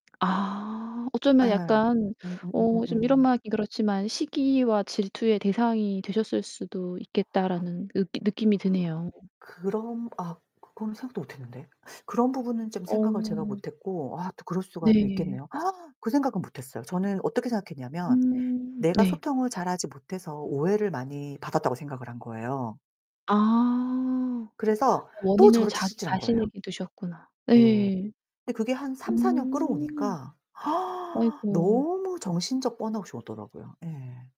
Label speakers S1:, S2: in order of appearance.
S1: 아 어쩌면
S2: 예.
S1: 약간 어 좀 이런
S2: 음음음음음.
S1: 말 하긴 그렇지만 시기와 질투의 대상이 되셨을 수도 있겠다.'라는 느끼 느낌이
S2: 아.
S1: 드네요.
S2: 그럼 아 그거는 생각도 못 했는데. 그런 부분은 좀 생각을 제가
S1: 어.
S2: 못 했고 아 또 그럴 수가 또
S1: 네.
S2: 있겠네요. 그 생각은 못 했어요. 저는 어떻게 생각했냐면
S1: 음.
S2: 내가
S1: 네.
S2: 소통을 잘하지 못해서 오해를 많이 받았다고 생각을 한 거예요.
S1: 아.
S2: 그래서 또
S1: 원인을
S2: 저를
S1: 자기
S2: 채찍질한 거예요.
S1: 자신에게 두셨구나.
S2: 네.
S1: 예.
S2: 근데 그게 한 3-4 년
S1: 음.
S2: 끌어오니까
S1: 아이고.
S2: 너무 정신적 번아웃이 오더라고요 예.